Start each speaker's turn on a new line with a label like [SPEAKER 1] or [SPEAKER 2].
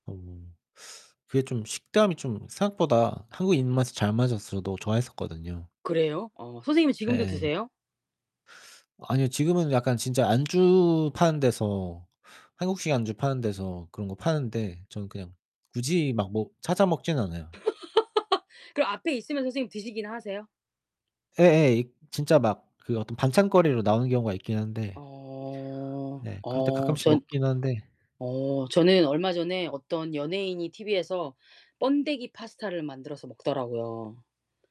[SPEAKER 1] 음. 그게 좀 식감이 좀 생각보다 한국인 입맛에 잘 맞아서 저도 좋아했었거든요.
[SPEAKER 2] 그래요? 어 선생님은 지금도
[SPEAKER 1] 예.
[SPEAKER 2] 드세요?
[SPEAKER 1] 아니요. 지금은 약간 진짜 안주 파는 데서 한국식 안주 파는 데서 그런 거 파는데 저는 그냥 굳이 막 먹 찾아 먹진 않아요.
[SPEAKER 2] 그럼 앞에 있으면 선생님 드시기는 하세요?
[SPEAKER 1] 예예. 이 진짜 막 그 어떤 반찬거리로 나오는 경우가 있긴 한데
[SPEAKER 2] 어.
[SPEAKER 1] 네. 그럴 때
[SPEAKER 2] 어
[SPEAKER 1] 가끔씩
[SPEAKER 2] 전
[SPEAKER 1] 먹기는 하는데
[SPEAKER 2] 어 저는 얼마 전에 어떤 연예인이 티브이에서 번데기 파스타를 만들어서 먹더라고요.